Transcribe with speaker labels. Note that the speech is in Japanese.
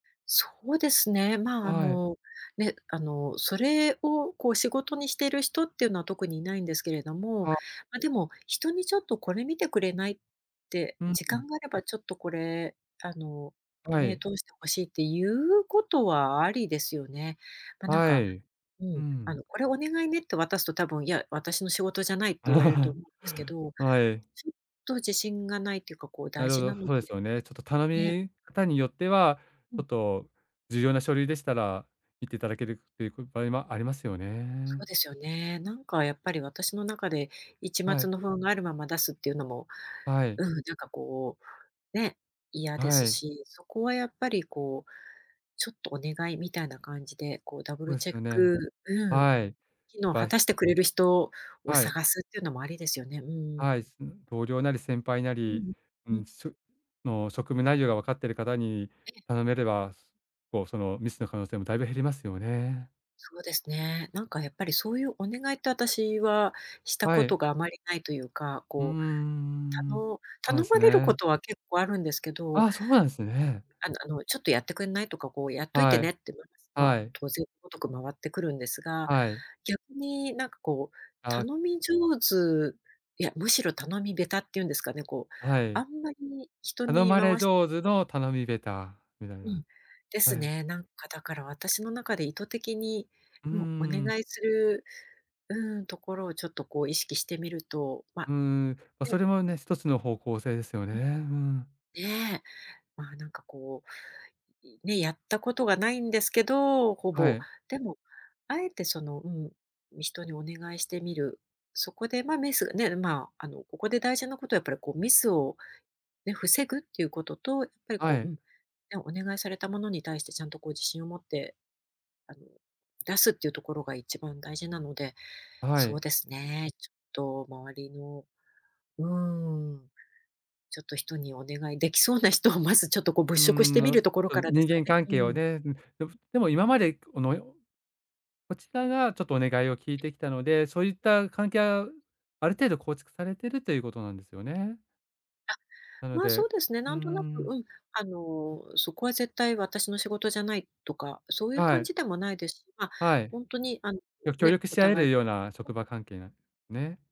Speaker 1: そうですね、ま、あ
Speaker 2: はい。
Speaker 1: の、ね、あの、それをこう、仕事にしてる人っていうのは、特にいないんですけれども、
Speaker 2: あ。
Speaker 1: ま、でも人にちょっとこれ見てくれない？って、
Speaker 2: うん
Speaker 1: 時
Speaker 2: うん。
Speaker 1: 間があればちょっとこれ、あの、
Speaker 2: は
Speaker 1: 目
Speaker 2: い。
Speaker 1: 通して欲しいって言うことはありですよね。ま、なん
Speaker 2: は
Speaker 1: か
Speaker 2: い。
Speaker 1: う
Speaker 2: う
Speaker 1: ん、あ
Speaker 2: ん。
Speaker 1: の、これお願いねって渡すと多分、いや、私の仕事じゃないって言われると思う んですけど、
Speaker 2: はい。
Speaker 1: ちょっと自信がないっていうか、こう
Speaker 2: な
Speaker 1: 大
Speaker 2: るほ
Speaker 1: 事
Speaker 2: ど、
Speaker 1: なので
Speaker 2: そうですよね。ちょっと頼
Speaker 1: ね。
Speaker 2: み方によっては、
Speaker 1: う
Speaker 2: ち
Speaker 1: ん。
Speaker 2: ょっと重要な書類でしたら、言っていただけるっていう、く場合もありますよ
Speaker 1: そう
Speaker 2: ね。
Speaker 1: ですよね。なんかやっぱり私の中で、一
Speaker 2: は
Speaker 1: 抹
Speaker 2: い。
Speaker 1: の不安があるまま出すっていうのも
Speaker 2: はい。
Speaker 1: うん、なんかこう、ね、嫌で
Speaker 2: は
Speaker 1: す
Speaker 2: い。
Speaker 1: し、そこはやっぱりこう、ちょっとお願いみたいな感じで、こうダブ
Speaker 2: ほ
Speaker 1: ル
Speaker 2: えす
Speaker 1: チェッ
Speaker 2: よね。
Speaker 1: クうん、
Speaker 2: はい、
Speaker 1: 機
Speaker 2: や
Speaker 1: 能を
Speaker 2: ぱ
Speaker 1: 果
Speaker 2: い
Speaker 1: たしてくれる人を
Speaker 2: はい。
Speaker 1: 探すっていうのもありですよね。うんう
Speaker 2: はい、
Speaker 1: ん。
Speaker 2: すん同僚なり先輩な
Speaker 1: う
Speaker 2: り、
Speaker 1: んう
Speaker 2: う
Speaker 1: ん、うん。
Speaker 2: ん、すの職務内容がわかってる方に
Speaker 1: ええ。
Speaker 2: 頼めれば、すこう、そのミスの可能性もだいぶ減りますよね。
Speaker 1: そうですね。なんか、やっぱりそういうお願いって、私はした
Speaker 2: は
Speaker 1: こと
Speaker 2: い。
Speaker 1: があまりないというか、
Speaker 2: うん、
Speaker 1: こう、た
Speaker 2: うーん、
Speaker 1: の
Speaker 2: ほえ
Speaker 1: 頼
Speaker 2: す
Speaker 1: まれるこ
Speaker 2: ね。
Speaker 1: とは結構あるんですけど
Speaker 2: ああ、そうなんですね。
Speaker 1: あのあの、ちょっとやってくんないとか、こうやっといて
Speaker 2: は
Speaker 1: ね
Speaker 2: い、
Speaker 1: って、ま、ま、
Speaker 2: はい。
Speaker 1: 当然ごとく回ってくるんですが、
Speaker 2: はい。
Speaker 1: 逆に、なんかこう、
Speaker 2: ああ。
Speaker 1: 頼み上手いや、むしろ頼み下手っていうんですかね、こう、
Speaker 2: は
Speaker 1: あ
Speaker 2: い。
Speaker 1: んまり人
Speaker 2: 頼
Speaker 1: に
Speaker 2: まれ
Speaker 1: 回し
Speaker 2: 上手の頼み下手みたい
Speaker 1: う
Speaker 2: な、
Speaker 1: ん、で
Speaker 2: は
Speaker 1: す
Speaker 2: い。
Speaker 1: ね。なんか、だから、私の中で意図的に
Speaker 2: うー
Speaker 1: もうお願
Speaker 2: ん。
Speaker 1: いする、うん、ところをちょっとこう、意識してみると、
Speaker 2: う
Speaker 1: ま、
Speaker 2: ーん、ま、そ
Speaker 1: ね、
Speaker 2: れも
Speaker 1: うん。
Speaker 2: ね、一つの方向性ですよね。
Speaker 1: う
Speaker 2: う
Speaker 1: ん。
Speaker 2: ん。
Speaker 1: ね、ま、なんかこう、いね、やったことがないんですけど、ほ
Speaker 2: は
Speaker 1: ぼ、
Speaker 2: い。
Speaker 1: でもあえて、その、うん、人にお願いしてみる。そこで、ま、ミスがね、ま、あの、ここで大事なことはやっぱりこう、ミスをね、防ぐっていうことと、ぱり、
Speaker 2: は
Speaker 1: こう、う
Speaker 2: い。
Speaker 1: ん、ね、お願いされたものに対してちゃんとこう、自信を持って、あの、出すっていうところが一番大事なので、
Speaker 2: は
Speaker 1: そう
Speaker 2: い。
Speaker 1: ですね、ちょっと周りの、うーん、ちょっと人にお願いできそうな人を、まずちょっと、こう、
Speaker 2: う
Speaker 1: 物
Speaker 2: ー
Speaker 1: 色して
Speaker 2: ん、
Speaker 1: み
Speaker 2: あ
Speaker 1: る
Speaker 2: っ
Speaker 1: ところか
Speaker 2: と、
Speaker 1: らです
Speaker 2: 人
Speaker 1: かね？
Speaker 2: 間関
Speaker 1: う
Speaker 2: 係を
Speaker 1: ん。
Speaker 2: ね、うん、でもでも今までこのよこちらがちょっとお願いを聞い
Speaker 1: ええ、
Speaker 2: てきたので、そういっ
Speaker 1: え。
Speaker 2: た関係はある程度構築されているということなんですよね。
Speaker 1: あ、
Speaker 2: なの
Speaker 1: ま、
Speaker 2: で
Speaker 1: そ
Speaker 2: う
Speaker 1: うですね、
Speaker 2: ー
Speaker 1: なんとなく、
Speaker 2: ん。
Speaker 1: うん、あの、そこは絶対私の仕事じゃないとか、そういう
Speaker 2: は
Speaker 1: 感
Speaker 2: い。
Speaker 1: じでもないです。ま、
Speaker 2: はい。
Speaker 1: ほんとにあん
Speaker 2: よく協
Speaker 1: ね、
Speaker 2: 力
Speaker 1: お
Speaker 2: し合え
Speaker 1: 互
Speaker 2: る
Speaker 1: い
Speaker 2: ような職場関係なね。